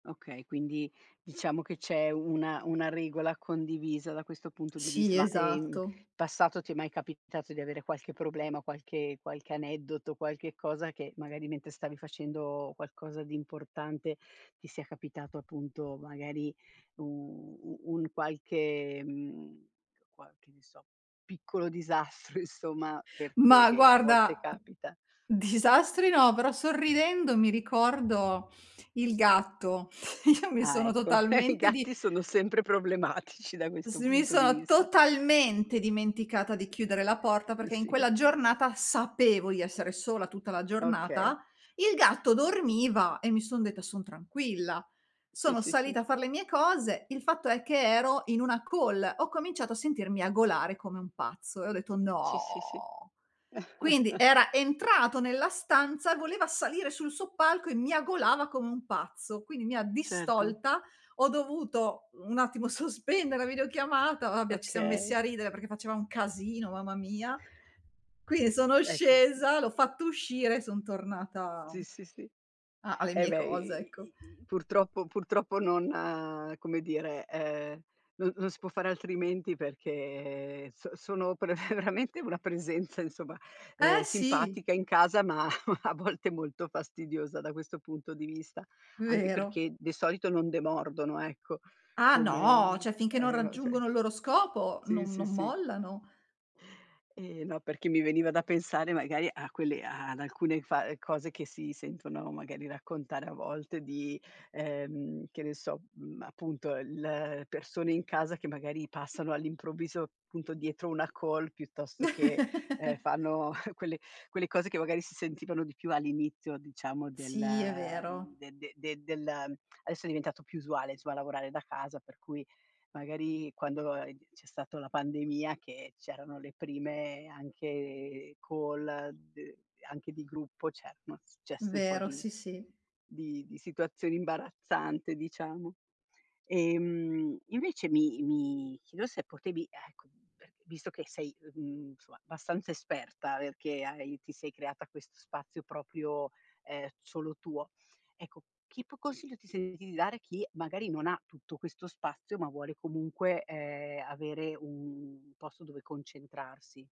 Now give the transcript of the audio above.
Okay, quindi diciamo che c'è una una regola condivisa, da questo punto di vist Sì, ma, ehm, in esatto. passato ti è mai capitato di avere qualche problema, qualche qualche aneddoto, qualche cosa che magari mentre stavi facendo qualcosa di importante, ti sia capitato appunto magari u u un qualche mhmm, qual che ne so, piccolo disastro, insomma, per che Mah che a volte guarda, capita? disastri no, però sorridendo mi ricordo il gatto. Io mi Ah, sono ecco, i totalmente di gatti sono sempre problematici, da s questo mi punto di sono vista. totalmente dimenticata di chiudere la porta Mh, perché in sì. quella giornata sapevo di essere sola tutta la Okay. giornata. Il gatto dormiva e mi son detta: "Son tranquilla." Sì, Sono sì, sì. salita a far le mie cose. Il fatto è che ero in una call, ho cominciato a sentir miagolare come un pazzo e ho detto: Sì, sì, sì. "No." Quindi era entrato nella stanza, voleva salire sul soppalco e miagolava come un pazzo, quindi mi ha Certo. distolta ho dovuto un attimo sospende la videochiamata, vabbè ci siam messi Okay. a ridere perché faceva un casino, mamma mia. Quindi sono Ecco, s mh. scesa, l'ho fatto uscire e son tornata Sì, sì, sì. a alle Eh, mie beh, cose, i ecco. i i i purtroppo purtroppo non come dire, ehm, non non si può far altrimenti, perché so sono pre veramente, una presenza, insomma, ehm, Eh, sì. simpatica in casa, ma a volte molto fastidiosa, da questo punto di vista. Anche Vero. perché di solito non demordono, ecco. Ah, no, Come cioè finché non e o ce raggiungono il loro scopo, Sì, non sì, non sì. mollano. Eh, no, perché mi veniva da pensare, magari, a quelle a ad alcune fa cose che si sentono magari raccontare a volte di ehm, che ne so, uhm, appunto, il persone in casa che magari passano all'improvviso, punto dietro una call, piuttosto che, ehm, fanno quelle quelle cose che magari si sentivano di più all'inizio, diciamo del Sì, è vero. uhm, de de de del adesso è diventato più usuale, insomma, lavorare da casa, per cui magari, quando, uhm, c'è stato la pandemia che c'erano le prime anche call, d anche di gruppo, cer noz gesse un po' Vero, di sì, sì. di di situazioni imbarazzante, diciamo. Ehm, invece, mi mi chiedo se potevi, e cu e visto che sei uhm, mhmm, cioè, abbastanza esperta, perché hai ti sei creata questo spazio proprio, ehm, solo tuo, ecco, chi po consiglio ti senti di dare chi magari non ha tutto questo spazio, ma vuole comunque, ehm, avere u un posto dove concentrarsi?